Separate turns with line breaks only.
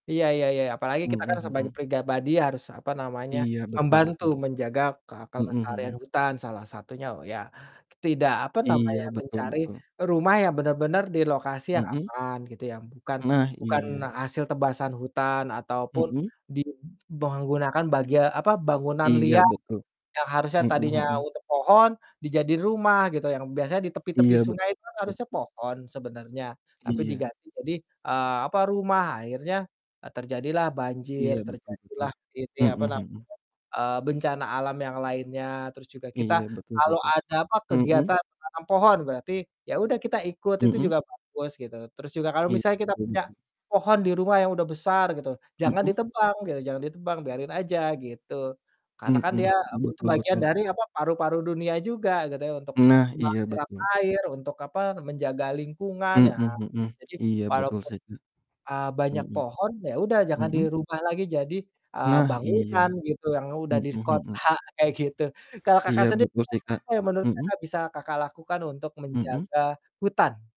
Iya iya iya, apalagi kita
Mhm
kan sebagai
mhm.
pribadi harus, apa namanya,
Iya, betul
membantu
betul.
menjaga ke
Mhm
kelestarian
mhm.
hutan salah satunya loh ya, tidak apa
Iya,
namanya,
betul
mencari
betul.
rumah yang bener-bener di lokasi yang
Mhm.
aman, gitu ya, bukan
Nah,
bukan
iya.
hasil tebasan hutan ataupun
Mhm.
di menggunakan bagia apa bangunan
Iya,
liar,
betul,
yang harusnya
mhm
tadinya
mhm.
untuk pohon dijadiin rumah gitu, yang biasanya di tepi-tepi
Iya,
sungai itu
betul.
harusnya pohon sebenarnya, tapi
Iya.
diganti jadi, eee, apa rumah, akhirnya, eee, terjadilah banjir,
Iya, betul betul,
terjadilah ini,
mhm
apa namanya,
mhm.
eee, bencana alam yang lainnya terus juga
Iya,
kita
betul sih,
kalau
Kak,
ada apa,
mhm.
kegiatan menanam pohon, berarti ya udah kita ikut, itu
Mhm.
juga bagus gitu, terus juga kalau
Iya,
misalnya kita
mhm.
punya pohon di rumah yang udah besar gitu, jangan
Mhm.
ditebang gitu, jangan ditebang biarin aja gitu, karena kan
Mhm,
dia apa tu
betul
bagian
betul.
dari apa paru-paru dunia juga gitu ya, untuk
Nah, iya
menyerap
betul.
air untuk apa, menjaga lingkungan,
Mhm
ya
mhm,
jadi,
iya betul,
walaupun,
sih.
ah, banyak
Mhm
pohon ya udah
mhm
jangan
mhm.
dirubah lagi jadi, eee,
Nah iya,
bangunan gitu yang udah di
mhm mhm.
kota kayak gitu. Kalau
Iya,
Kakak sendiri,
betul sih, Kak,
apa yang menurut
mhm.
Kakak bisa Kakak lakukan untuk
Mhm.
menjaga hutan?